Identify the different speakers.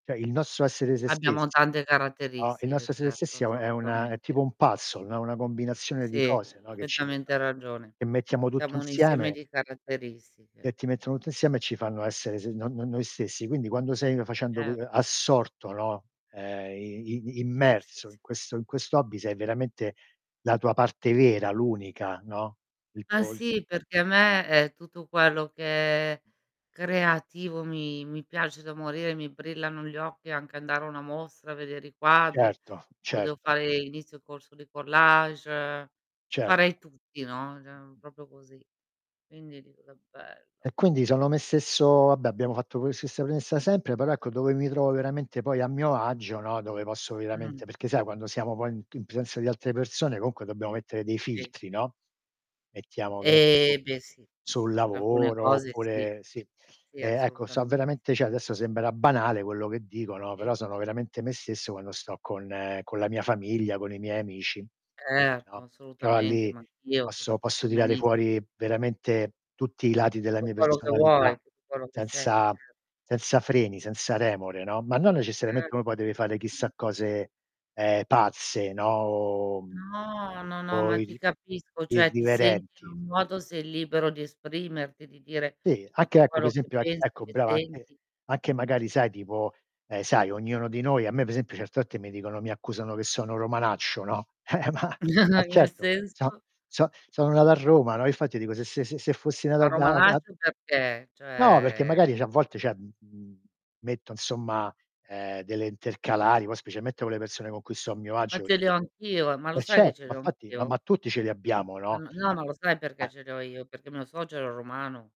Speaker 1: Cioè il nostro essere se
Speaker 2: Abbiamo
Speaker 1: stessi,
Speaker 2: tante
Speaker 1: no, il
Speaker 2: caratteristiche
Speaker 1: nostro essere se
Speaker 2: certo,
Speaker 1: stessi è è una è tipo
Speaker 2: assolutamente.
Speaker 1: un puzzle, no. Una combinazione di
Speaker 2: Sì,
Speaker 1: cose, no, che ci che
Speaker 2: perfettamente
Speaker 1: [unintelligible]
Speaker 2: ragione.
Speaker 1: che mettiamo tutto
Speaker 2: Siamo un insieme
Speaker 1: insieme
Speaker 2: di caratteristiche.
Speaker 1: che ti mettono tutto insieme e ci fanno essere se no-no noi stessi. Quindi quando sei facendo qu
Speaker 2: Certo.
Speaker 1: assorto, no, ehm, i i
Speaker 2: Sì, sì,
Speaker 1: Immerso
Speaker 2: s
Speaker 1: in questo in questo hobby sei veramente la tua parte vera, l'unica, no, il
Speaker 2: Ma
Speaker 1: tuo il
Speaker 2: sì, perché a me, ehm, tutto quello che è creativo mi mi piace da morire, mi brillano gli occhi e anche andare a una mostra, vedere i quadri.
Speaker 1: Certo,
Speaker 2: Io devo
Speaker 1: certo.
Speaker 2: fare l'inizio corso di collage,
Speaker 1: Cer
Speaker 2: farei tutti, no, cioè proprio così. Quindi dico: "Che bello!"
Speaker 1: E quindi sono me stesso vabbè abbiamo fatto que questa stessa premessa sempre, però ecco dove mi trovo veramente poi a mio agio, no, dove posso
Speaker 2: Mh.
Speaker 1: veramente perché sai quando siamo poi in in presenza di altre persone comunque dobbiamo mettere dei
Speaker 2: Sì.
Speaker 1: filtri no. Mettiamo che ne
Speaker 2: Eh,
Speaker 1: so,
Speaker 2: beh sì,
Speaker 1: sul
Speaker 2: per alcune
Speaker 1: lavoro
Speaker 2: cose sì,
Speaker 1: oppure sì.
Speaker 2: sì
Speaker 1: E ecco so
Speaker 2: assolutamente.
Speaker 1: veramente cioè adesso sembra banale quello che dico, no,
Speaker 2: Sì.
Speaker 1: però sono veramente me stesso quando sto con con la mia famiglia, con i miei amici,
Speaker 2: Certo,
Speaker 1: no,
Speaker 2: ma
Speaker 1: però
Speaker 2: assolutamente,
Speaker 1: lì
Speaker 2: ma anch'io, ti
Speaker 1: posso posso
Speaker 2: capisco
Speaker 1: tirare
Speaker 2: benissi
Speaker 1: fuori veramente tutti i lati della
Speaker 2: Tutto
Speaker 1: mia
Speaker 2: quello che
Speaker 1: personalità,
Speaker 2: vuoi, tutto quello che sei,
Speaker 1: senza
Speaker 2: cer
Speaker 1: senza freni, senza remore, no, ma non necessariamente
Speaker 2: Certo.
Speaker 1: uno poi deve fare
Speaker 2: Mh.
Speaker 1: chissà cose, ehm, pazze, no, O
Speaker 2: No, no, no,
Speaker 1: o
Speaker 2: ma ti
Speaker 1: irri
Speaker 2: capisco, cioè ti senti in
Speaker 1: irriverenti.
Speaker 2: un modo, sei libero di esprimerti, di dire
Speaker 1: Sì, anche
Speaker 2: tutto
Speaker 1: ecco per
Speaker 2: quello che
Speaker 1: esempio e
Speaker 2: pensi,
Speaker 1: ecco
Speaker 2: che
Speaker 1: brava, anche
Speaker 2: senti.
Speaker 1: anche magari sai tipo eh, sai ognuno di noi a me per esempio certe volte mi dicono mi accusano che sono romanaccio, no. Eh, ma ma
Speaker 2: Nel
Speaker 1: certo so'
Speaker 2: senso?
Speaker 1: so' sono nato a Roma, no, infatti dico se se se fossi nato
Speaker 2: Ma
Speaker 1: a ve a va
Speaker 2: romanaccio perchè?
Speaker 1: No, perché
Speaker 2: Cioè
Speaker 1: magari cioè a volte cioè, mhmm, m metto insomma, ehm, delle intercalari, poi specialmente con le persone con cui sto a mio
Speaker 2: Ma
Speaker 1: agio.
Speaker 2: ce li ho
Speaker 1: [unintelligible]
Speaker 2: anch'io, ma lo
Speaker 1: E
Speaker 2: sai che
Speaker 1: certo,
Speaker 2: ce
Speaker 1: ma
Speaker 2: li ho
Speaker 1: infatti, ma ma
Speaker 2: anch'io?
Speaker 1: tutti ce li abbiamo,
Speaker 2: Ma
Speaker 1: no.
Speaker 2: n no, non lo sai perché
Speaker 1: Eh.
Speaker 2: ce li ho io, perché mio suocero era romano.